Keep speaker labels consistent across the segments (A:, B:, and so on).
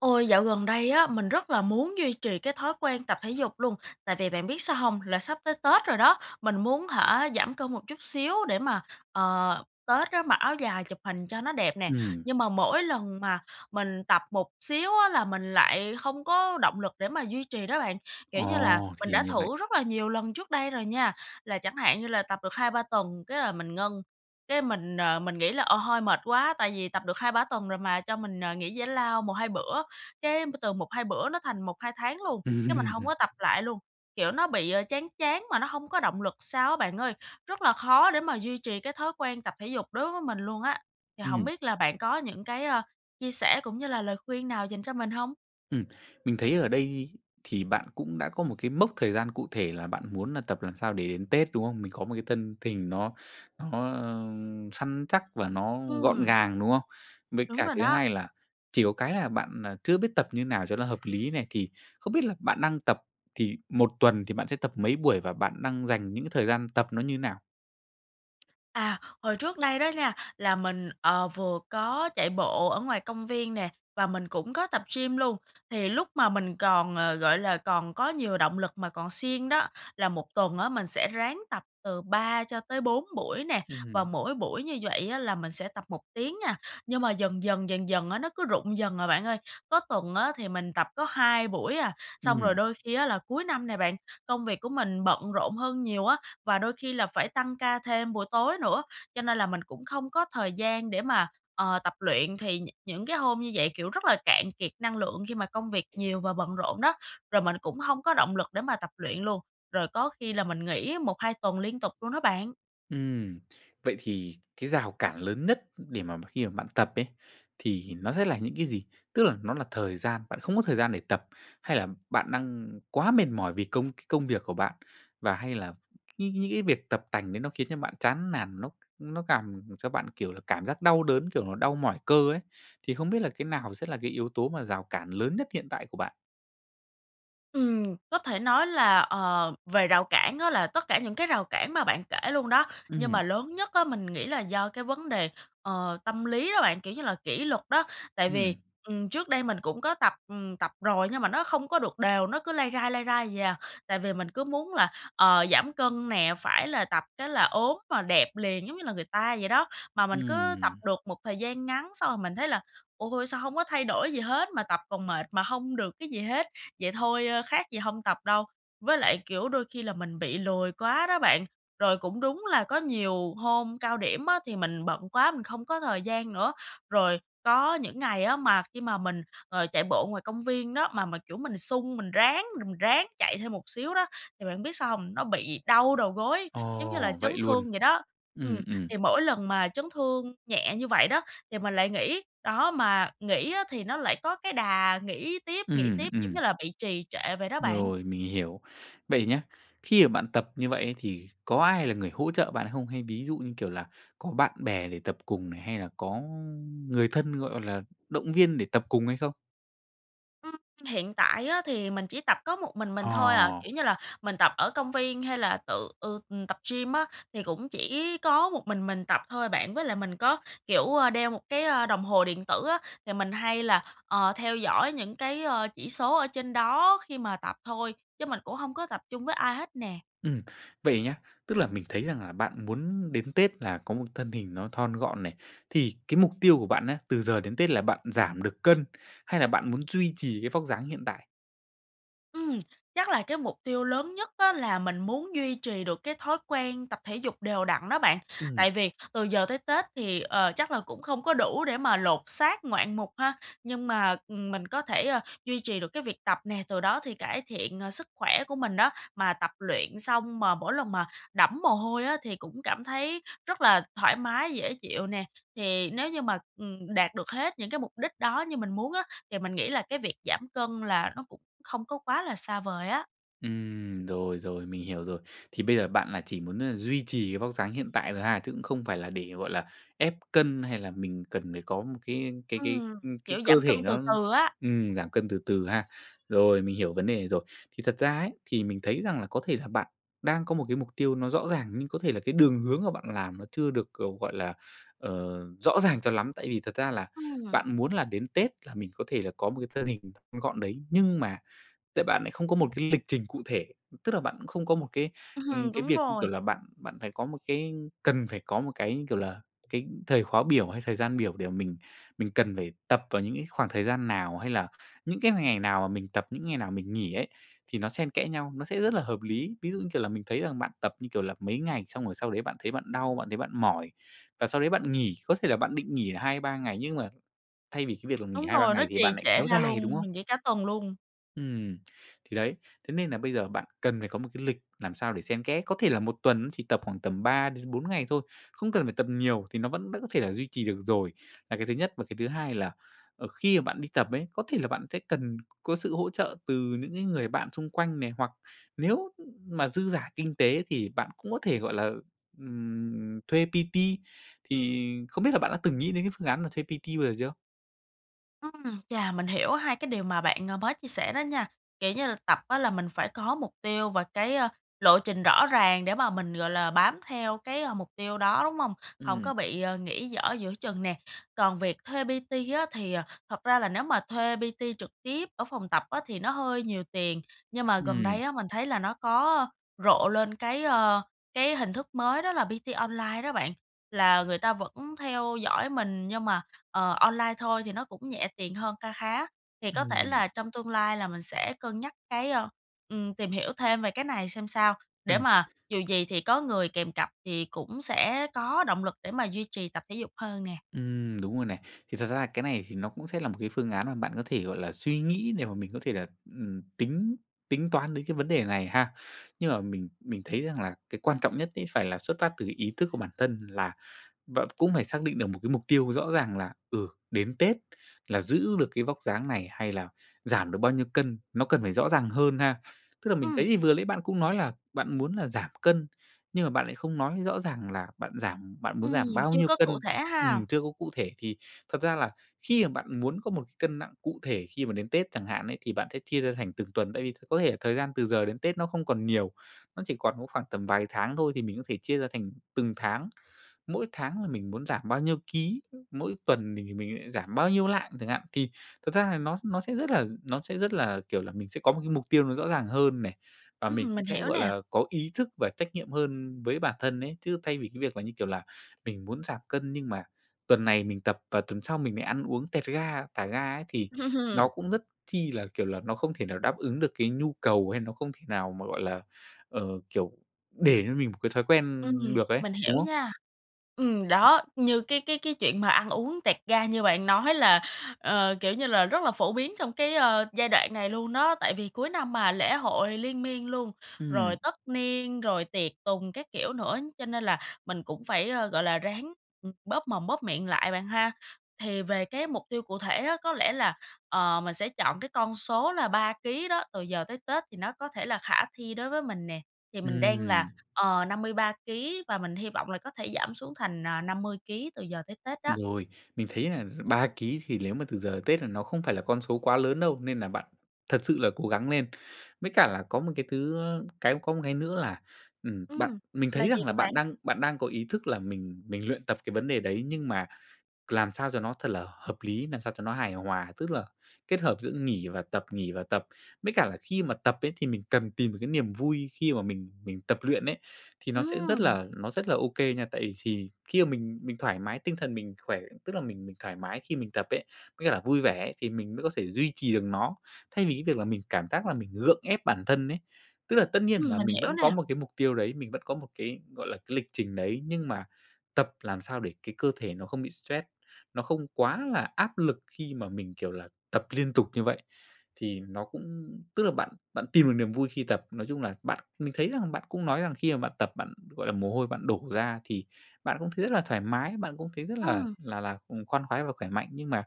A: Ôi! Dạo gần đây á, mình rất là muốn duy trì cái thói quen tập thể dục luôn, tại vì bạn biết sao hông? Là sắp tới Tết rồi đó, mình muốn hả giảm cân một chút xíu để mà, ờ, Tết á, mặc áo dài chụp hình cho nó đẹp nè.
B: Ừm.
A: Nhưng mà mỗi lần mà mình tập một xíu á, là mình lại hông có động lực để mà duy trì đó bạn. Kiểu như là,
B: Ồ!
A: mình
B: Thì
A: đã
B: như vậy.
A: thử rất là nhiều lần trước đây rồi nha, là chẳng hạn như là tập được 2-3 tuần cái là mình ngưng. Cái mình, ờ, mình nghĩ là, ờ, thôi mệt quá, tại vì tập được 2-3 tuần rồi mà cho mình, ờ, nghỉ giải lao 1-2 bữa. Cái từ 1-2 bữa nó thành 1-2 tháng luôn, cái mình hông
B: Ừm.
A: có tập lại luôn. Kiểu, nó bị chán chán mà nó hông có động lực sao á, bạn ơi. Rất là khó để mà duy trì cái thói quen tập thể dục đối với mình luôn á. Thì hổng
B: Ừm.
A: biết là bạn có những cái, ơ, chia sẻ cũng như là lời khuyên nào dành cho mình hông?
B: Ừm, mình thấy ở đây thì bạn cũng đã có một cái mốc thời gian cụ thể là bạn muốn nà tập làm sao để đến Tết, đúng không? Mình có một cái thân thình nó nó, a, săn chắc và nó gọn
A: Ừm.
B: gàng, đúng không? Với
A: Đúng
B: cả
A: rồi
B: thứ
A: đó.
B: hai là chỉ có cái là bạn, à, chưa biết tập như nào cho nó hợp lý này. Thì không biết là bạn đang tập thì một tuần thì bạn sẽ tập mấy buổi và bạn đang dành những cái thời gian tập nó như thế nào?
A: À, hồi trước đây đó nha, là mình, ờ, vừa có chạy bộ ở ngoài công viên nè, và mình cũng có tập gym luôn. Thì lúc mà mình còn, ờ, gọi là, còn có nhiều động lực mà còn siêng đó, là một tuần á mình sẽ ráng tập từ 3 cho tới 4 buổi nè, và
B: Ừm.
A: mỗi buổi như vậy á là mình sẽ tập 1 tiếng nha. Nhưng mà dần dần, dần dần á, nó cứ rụng dần à bạn ơi. Có tuần á thì mình tập có 2 buổi à. Xong rồi
B: Ừm.
A: đôi khi á là cuối năm này bạn, công việc của mình bận rộn hơn nhiều á, và đôi khi là phải tăng ca thêm buổi tối nữa, cho nên là mình cũng không có thời gian để mà, ờ, tập luyện. Thì nh những cái hôm như vậy, kiểu, rất là cạn kiệt năng lượng, khi mà công việc nhiều và bận rộn đó. Rồi mình cũng hông có động lực để mà tập luyện luôn, rồi có khi là mình nghỉ 1-2 tuần liên tục luôn đó bạn.
B: Ừm, vậy thì cái rào cản lớn nhất để mà m khi mà bạn tập ấy, thì nó sẽ là những cái gì? Tức là nó là thời gian, bạn không có thời gian để tập, hay là bạn đang quá mệt mỏi vì công cái công việc của bạn, và hay là những những cái việc tập tành đấy nó khiến cho bạn chán nản, nó nó càm cho bạn, kiểu là, cảm giác đau đớn, kiểu nó đau mỏi cơ ấy. Thì không biết là cái nào sẽ là cái yếu tố mà rào cản lớn nhất hiện tại của bạn?
A: Ừm, có thể nói là, ờ, về rào cản á là tất cả những cái rào cản mà bạn kể luôn đó. Nhưng
B: Ừm.
A: mà lớn nhất á mình nghĩ là do cái vấn đề, ờ, tâm lý đó bạn, kiểu như là, kỷ luật đó. Tại
B: Ừm.
A: vì, ừm, trước đây mình cũng có tập, ừm, tập rồi nhưng mà nó không có được đều, nó cứ lai rai, lai rai vậy à. Tại vì mình cứ muốn là, ờ, giảm cân nè, phải là tập cái là ốm mà đẹp liền giống như là người ta vậy đó! Mà mình cứ tập
B: Ừm.
A: được một thời gian ngắn xong rồi mình thấy là "Ôi! Sao hông có thay đổi gì hết, mà tập còn mệt mà hông được cái gì hết! Vậy thôi khác gì hông tập đâu." Với lại, kiểu, đôi khi là mình bị lười quá đó bạn. Rồi cũng đúng là có nhiều hôm cao điểm á thì mình bận quá mình không có thời gian nữa. Rồi có những ngày á mà khi mà mình, ờ, chạy bộ ngoài công viên đó mà mà, kiểu, mình sung, mình ráng, mình ráng chạy thêm một xíu đó thì bạn biết sao hông? Nó bị đau đầu gối, giống như là
B: Ồ,
A: chấn
B: vậy luôn!
A: thương vậy đó. Ừm,
B: Ừm, ừm.
A: thì mỗi lần mà chấn thương nhẹ như vậy đó thì mình lại nghỉ, đó mà nghỉ á thì nó lại có cái đà nghỉ tiếp, nghỉ
B: Ừm,
A: tiếp giống
B: ừm.
A: như là bị trì trệ vậy đó bạn.
B: Rồi, mình hiểu. Vậy nhá! Khi mà bạn tập như vậy á thì có ai là người hỗ trợ bạn không? Hay ví dụ như, kiểu là, có bạn bè để tập cùng này, hay là có người thân, gọi là, động viên để tập cùng hay không?
A: Ừm, hiện tại á thì mình chỉ tập có một mình
B: Ờ.
A: mình thôi à. Kiểu như là, mình tập ở công viên hay là tự, ừ, tập gym á, thì cũng chỉ có một mình mình tập thôi à bạn. Với lại mình có, kiểu, ơ, đeo một cái, a, đồng hồ điện tử á, thì mình hay là, ờ, theo dõi những cái, ơ, chỉ số ở trên đó khi mà tập thôi. Chứ mình cũng hông có tập chung với ai hết nè.
B: Ừm, vậy nhá. Tức là mình thấy rằng là bạn muốn đến Tết là có một thân hình nó thon gọn này, thì cái mục tiêu của bạn á, từ giờ đến Tết là bạn giảm được cân hay là bạn muốn duy trì cái vóc dáng hiện tại.
A: Ừm, chắc là cái mục tiêu lớn nhất á, là mình muốn duy trì được cái thói quen tập thể dục đều đặn đó bạn.
B: Ừm.
A: Tại vì từ giờ tới Tết thì, ờ, chắc là cũng không có đủ để mà lột xác ngoạn mục ha. Nhưng mà, ừm, mình có thể, a, duy trì được cái việc tập nè, từ đó thì cải thiện, ờ, sức khỏe của mình đó. Mà tập luyện xong mà mỗi lần mà đẫm mồ hôi á, thì cũng cảm thấy rất là thoải mái dễ chịu nè. Thì nếu như mà, ừm, đạt được hết những cái mục đích đó như mình muốn á, thì mình nghĩ là cái việc giảm cân là nó cũng không có quá là xa vời á.
B: Ừm, rồi, rồi, mình hiểu rồi. Thì bây giờ bạn là chỉ muốn, ơ, duy trì cái vóc dáng hiện tại thôi ha, chứ cũng không phải là để, gọi là, ép cân, hay là mình cần phải có một cái cái cái,
A: Ừm,
B: ừm, cái
A: kiểu,
B: cơ
A: giảm
B: thể
A: cân từ
B: nó
A: từ á.
B: ừm, giảm cân từ từ ha. Rồi, mình hiểu vấn đề này rồi. Thì thật ra ấy, thì mình thấy rằng là có thể là bạn đang có một cái mục tiêu nó rõ ràng, nhưng có thể là cái đường hướng mà bạn làm nó chưa được, ờ, gọi là, ờ, rõ ràng cho lắm. Tại vì thật ra là
A: Ừm.
B: bạn muốn là đến Tết là mình có thể là có một cái thân hình thon gọn đấy, nhưng mà tại bạn lại không có một cái lịch trình cụ thể, tức là bạn cũng không có một cái, ừm, cái
A: Đúng
B: việc, như kiểu
A: rồi.
B: là, bạn bạn phải có một cái cần phải có một cái, như kiểu là, cái thời khóa biểu, hay thời gian biểu để mình mình cần phải tập vào những cái khoảng thời gian nào, hay là những cái ngày nào mà mình tập, những ngày nào mình nghỉ ấy, thì nó xen kẽ nhau, nó sẽ rất là hợp lý. Ví dụ, như kiểu là, mình thấy rằng bạn tập, như kiểu là, mấy ngày xong rồi sau đấy bạn thấy bạn đau, bạn thấy bạn mỏi và sau đấy bạn nghỉ, có thể là bạn định nghỉ 2-3 ngày nhưng mà thay vì cái việc là nghỉ
A: Đúng
B: 2-3
A: rồi, nó
B: ngày thì
A: trì
B: bạn lại
A: trệ
B: kéo
A: ra
B: dài, đúng
A: luôn,
B: không?
A: mình nghỉ cả tuần luôn.
B: Ừm. Thì đấy. Thế nên là bây giờ bạn cần phải có một cái lịch làm sao để xen kẽ, có thể là một tuần cũng chỉ tập khoảng tầm 3-4 ngày thôi, không cần phải tập nhiều thì nó vẫn vẫn có thể duy trì được rồi là cái thứ nhất. Và cái thứ hai là, ờ, khi mà bạn đi tập ấy, có thể là bạn sẽ cần có sự hỗ trợ từ những cái người bạn xung quanh này, hoặc nếu, ừm, mà dư giả kinh tế thì bạn cũng có thể, gọi là, ừm, thuê PT thì không biết là bạn đã từng nghĩ đến cái phương án là thuê PT bao giờ chưa?
A: Ừm, chà, mình hiểu hai cái điều mà bạn, ờ, mới chia sẻ đó nha, kiểu như là, tập á là mình phải có mục tiêu và cái, a, lộ trình rõ ràng để mà mình, gọi là, bám theo cái, a, mục tiêu đó, đúng hông? Hổng
B: Ừm.
A: có bị, ờ, nghỉ dở giữa chừng nè. Còn việc thuê PT á thì, à, thật ra là nếu mà thuê PT trực tiếp ở phòng tập á thì nó hơi nhiều tiền, nhưng mà gần
B: Ừm.
A: đây á mình thấy là nó có rộ lên cái, ơ, cái hình thức mới đó là PT online đó bạn, là người ta vẫn theo dõi mình nhưng mà, ờ, online thôi thì nó cũng nhẹ tiền hơn kha khá, thì có thể
B: Ừm.
A: là trong tương lai là mình sẽ cân nhắc cái, ơ ừm, tìm hiểu thêm về cái này xem sao, để
B: Ừm.
A: mà dù gì thì có người kèm cặp thì cũng sẽ có động lực để mà duy trì tập thể dục hơn nè.
B: Ừm, đúng rồi này. Thì thật ra cái này thì nó cũng sẽ là một cái phương án mà bạn có thể, gọi là, suy nghĩ để mà mình có thể là, ừm, tính tính toán đến cái vấn đề này ha. Nhưng mà mình mình thấy rằng là cái quan trọng nhất ấy phải là xuất phát từ ý thức của bản thân là b cũng phải xác định được một cái mục tiêu rõ ràng là, ừ, đến Tết là giữ được cái vóc dáng này, hay là giảm được bao nhiêu cân, nó cần phải rõ ràng hơn ha. Tức là mình thấy
A: Ừm.
B: thì vừa nãy bạn cũng nói là bạn muốn là giảm cân, nhưng mà bạn lại không nói rõ ràng là bạn giảm bạn muốn
A: Ừm,
B: giảm bao
A: chưa
B: nhiêu
A: có cụ
B: cân,
A: thể ha.
B: ừm, chưa có cụ thể thì thật ra là khi, à, bạn muốn có một cân nặng cụ thể khi mà đến Tết chẳng hạn ấy, thì bạn sẽ chia ra thành từng tuần. Tại vì th có thể thời gian từ giờ đến Tết nó không còn nhiều, nó chỉ còn có khoảng tầm vài tháng thôi thì mình có thể chia ra thành từng tháng, mỗi tháng là mình muốn giảm bao nhiêu ký, mỗi tuần mình thì mình ấy giảm bao nhiêu lạng chẳng hạn. Thì thật ra là nó nó sẽ rất là nó sẽ rất là, kiểu, là mình sẽ có một cái mục tiêu nó rõ ràng hơn này và mình
A: Ừm,
B: cũng
A: mình
B: sẽ,
A: hiểu
B: gọi
A: nè.
B: là, có ý thức và trách nhiệm hơn với bản thân ấy. Chứ thay vì cái việc là, như kiểu là, mình muốn giảm cân nhưng mà tuần này mình tập và tuần sau mình lại ăn uống tẹt ga, thả ga ấy thì nó cũng rất chi là, kiểu là, nó không thể nào đáp ứng được cái nhu cầu, hay nó không thể nào mà, gọi là, ờ, kiểu, để cho mình một cái thói quen
A: Ừm,
B: được ấy,
A: mình hiểu
B: đúng không?
A: nha. Ừm, đó, như cái cái cái chuyện mà ăn uống tẹt ga như bạn nói là, ờ, kiểu như là, rất là phổ biến trong cái, ơ, giai đoạn này luôn đó, tại vì cuối năm mà, lễ hội liên miên luôn,
B: Ừm.
A: rồi tất niên, rồi tiệc tùng các kiểu nữa, cho nên là mình cũng phải, ơ, gọi là, ráng, ừm, bóp mồm, bóp miệng lại bạn ha. Thì về cái mục tiêu cụ thể á, có lẽ là, ờ, mình sẽ chọn cái con số là 3 ký đó, từ giờ tới Tết thì nó có thể là khả thi đối với mình nè, thì mình đang là,
B: Ừm.
A: ờ, 53 ký và mình hy vọng là có thể giảm xuống thành, à, 50 ký từ giờ tới Tết đó.
B: Rồi, mình thấy là 3 ký thì lếu mà từ giờ đến Tết là nó không phải là con số quá lớn đâu, nên là bạn thật sự là cố gắng lên. Với cả là có một cái thứ ơ, cái có một cái nữa là, ừm, bạn
A: Ừm,
B: mình thấy
A: là gì
B: rằng là
A: vậy
B: bạn
A: bạn?
B: đang bạn đang có ý thức là mình mình luyện tập cái vấn đề đấy, nhưng mà làm sao cho nó thật là hợp lý, làm sao cho nó hài hòa, tức là kết hợp giữa nghỉ và tập, nghỉ và tập. Với cả là khi mà tập ấy thì mình cần tìm được cái niềm vui khi mà mình mình tập luyện ấy, thì nó sẽ rất
A: Ừm.
B: là nó rất là ô kê nha. Tại vì thì khi mà mình mình thoải mái tinh thần, mình khỏe, tức là mình mình thoải mái khi mình tập ấy, có nghĩa là vui vẻ ấy thì mình mới có thể duy trì được nó, thay vì cái việc là mình cảm giác là mình gượng ép bản thân ấy. Tức là tất nhiên
A: Ừm,
B: là
A: mình
B: mình
A: hiểu
B: vẫn có
A: nè.
B: một cái mục tiêu đấy, mình vẫn có một cái, gọi là, cái lịch trình đấy, nhưng mà tập làm sao để cái cơ thể nó không bị stress, nó không quá là áp lực khi mà mình, kiểu là, tập liên tục như vậy, thì nó cũng tức là bạn bạn tìm được niềm vui khi tập. Nói chung là bạn mình thấy rằng bạn cũng nói rằng khi mà bạn tập bạn, gọi là, mồ hôi bạn đổ ra thì bạn cũng thấy rất là thoải mái, bạn cũng thấy rất là
A: Ừm.
B: là là, ừm, khoan khoái và khỏe mạnh. Nhưng mà,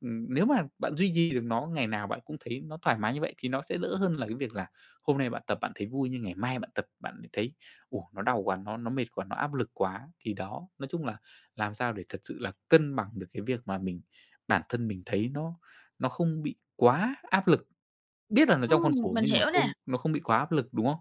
B: ừm, nếu mà bạn duy trì được nó, ngày nào bạn cũng thấy nó thoải mái như vậy thì nó sẽ đỡ hơn là cái việc là hôm nay bạn tập bạn thấy vui, nhưng ngày mai bạn tập, bạn lại thấy: "Ô! Nó đau quá, nó nó mệt quá, nó áp lực quá!" Thì đó, nói chung là làm sao để thật sự là cân bằng được cái việc mà mình, bản thân mình thấy nó nó không bị quá áp lực, biết là nó trong
A: Ừm,
B: khuôn khổ
A: mình
B: nhưng mà
A: hiểu
B: không
A: nè.
B: nó không bị quá áp lực, đúng không?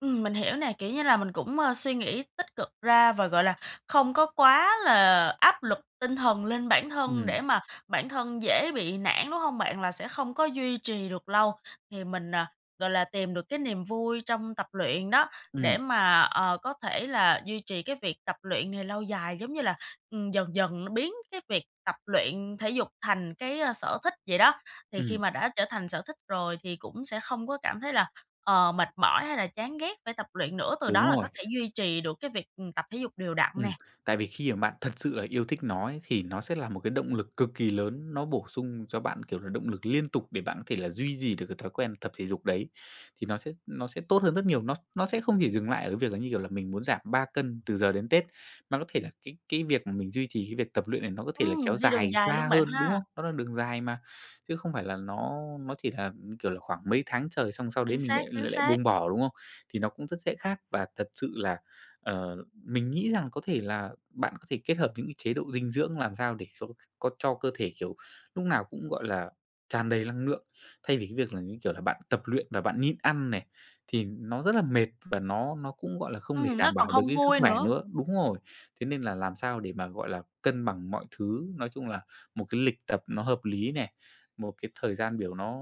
A: Ừm, mình hiểu nè. Kiểu như là mình cũng, ơ, suy nghĩ tích cực ra và, gọi là, không có quá là áp lực tinh thần lên bản thân
B: Ừm.
A: để mà bản thân dễ bị nản, đúng hông bạn? Là sẽ không có duy trì được lâu, thì mình, à, gọi là, tìm được cái niềm vui trong tập luyện đó, để
B: Ừm.
A: mà, ờ, có thể là duy trì cái việc tập luyện này lâu dài, giống như là, ừm, dần dần là biến cái việc tập luyện thể dục thành cái, a, sở thích vậy đó. Thì khi
B: Ừm.
A: mà đã trở thành sở thích rồi thì cũng sẽ không có cảm thấy là, ờ, mệt mỏi hay là chán ghét phải tập luyện nữa, từ
B: Đúng
A: đó là
B: rồi.
A: có thể duy trì được cái việc, ừm, tập thể dục đều đặn
B: Ừm,
A: nè.
B: tại vì khi mà bạn thật sự là yêu thích nó ấy, thì nó sẽ là một cái động lực cực kỳ lớn, nó bổ sung cho bạn, kiểu là, động lực liên tục để bạn có thể là duy gì được cái thói quen tập thể dục đấy. Thì nó sẽ nó sẽ tốt hơn rất nhiều, nó nó sẽ không chỉ dừng lại ở cái việc là, như kiểu là, mình muốn giảm 3 cân từ giờ đến Tết, mà có thể là cái cái việc mà mình duy trì cái việc tập luyện này nó có thể là kéo
A: Ừm, đi đường
B: dài
A: dài
B: xa
A: luôn bạn
B: hơn, đúng
A: ha.
B: không? Nó là đường dài mà. Chứ không phải là nó nó chỉ là, kiểu là, khoảng mấy tháng trời xong sau đấy
A: Chính
B: mình
A: xác,
B: lại l
A: chính
B: lại
A: xác.
B: buông bỏ, đúng không? Thì nó cũng rất sẽ khác, và thật sự là, ờ, mình nghĩ rằng có thể là bạn có thể kết hợp những cái chế độ dinh dưỡng làm sao để s có cho cơ thể, kiểu, lúc nào cũng, gọi là, tràn đầy lăng lượng. Thay vì cái việc là, như kiểu là, bạn tập luyện và bạn nhịn ăn nè, thì nó rất là mệt và nó nó cũng, gọi là, không để
A: Ừm, nó
B: đảm bảo
A: còn
B: được
A: không
B: cái sức
A: vui
B: khỏe
A: nữa.
B: nữa đúng rồi, thế nên là làm sao để mà, gọi là, cân bằng mọi thứ. Nói chung là một cái lịch tập nó hợp lý nè, một cái thời gian biểu nó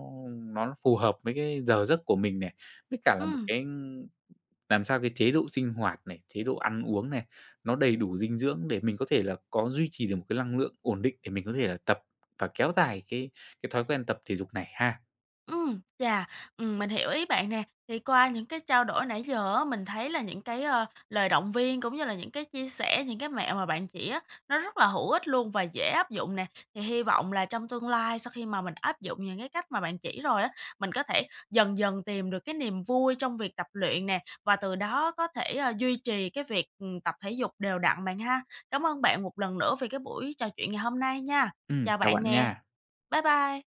B: nó phù hợp với cái giờ giấc của mình nè, với cả là một
A: Ừm.
B: cái làm sao cái chế độ sinh hoạt này, chế độ ăn uống này, nó đầy đủ dinh dưỡng để mình có thể là có duy trì được một cái lăng lượng ổn định, để mình có thể là tập và kéo dài cái cái thói quen tập thể dục này ha.
A: Ừm, chà! Ừm, mình hiểu ý bạn nè. Thì qua những cái trao đổi nãy giờ á, mình thấy là những cái, ơ, lời động viên cũng như là những cái chia sẻ, những cái mẹo mà bạn chỉ á, nó rất là hữu ích luôn và dễ áp dụng nè. Thì hy vọng là trong tương lai sau khi mà mình áp dụng những cái cách mà bạn chỉ rồi á, mình có thể dần dần tìm được cái niềm vui trong việc tập luyện nè, và từ đó có thể, a, duy trì cái việc, ừm, tập thể dục đều đặn bạn ha. Cảm ơn bạn một lần nữa vì cái buổi trò chuyện ngày hôm nay nha.
B: Ừm,
A: Chào
B: chào
A: bạn
B: bạn
A: nè,
B: nha!
A: bái bai!